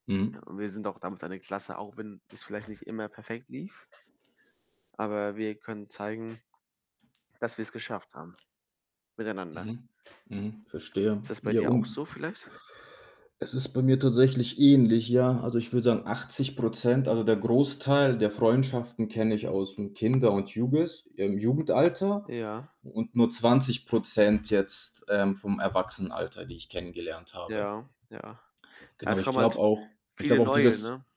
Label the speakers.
Speaker 1: Ja,
Speaker 2: Mhm.
Speaker 1: und wir sind auch damals eine Klasse, auch wenn es vielleicht nicht immer perfekt lief aber wir können zeigen, dass wir's geschafft haben miteinander.
Speaker 2: Mhm. Mhm. Verstehe.
Speaker 1: Ist das bei
Speaker 2: Ja,
Speaker 1: dir auch so
Speaker 2: un
Speaker 1: vielleicht?
Speaker 2: es ist bei mir tatsächlich ähnlich, ja. Also, ich würde sagen, 80 %, also der Großteil der Freundschaften kenne ich ausm Kinder und Juges i ähm, Jugendalter
Speaker 1: Ja.
Speaker 2: und nur 20 % jetzt, ähm, vom Erwachsenenalter, die ich kennengelernt habe.
Speaker 1: Ja, ja. Ja,
Speaker 2: Genau,
Speaker 1: es
Speaker 2: ich
Speaker 1: kommen
Speaker 2: glaube
Speaker 1: halt
Speaker 2: auch ich
Speaker 1: viele
Speaker 2: glaube auch
Speaker 1: Neue,
Speaker 2: dieses
Speaker 1: ne?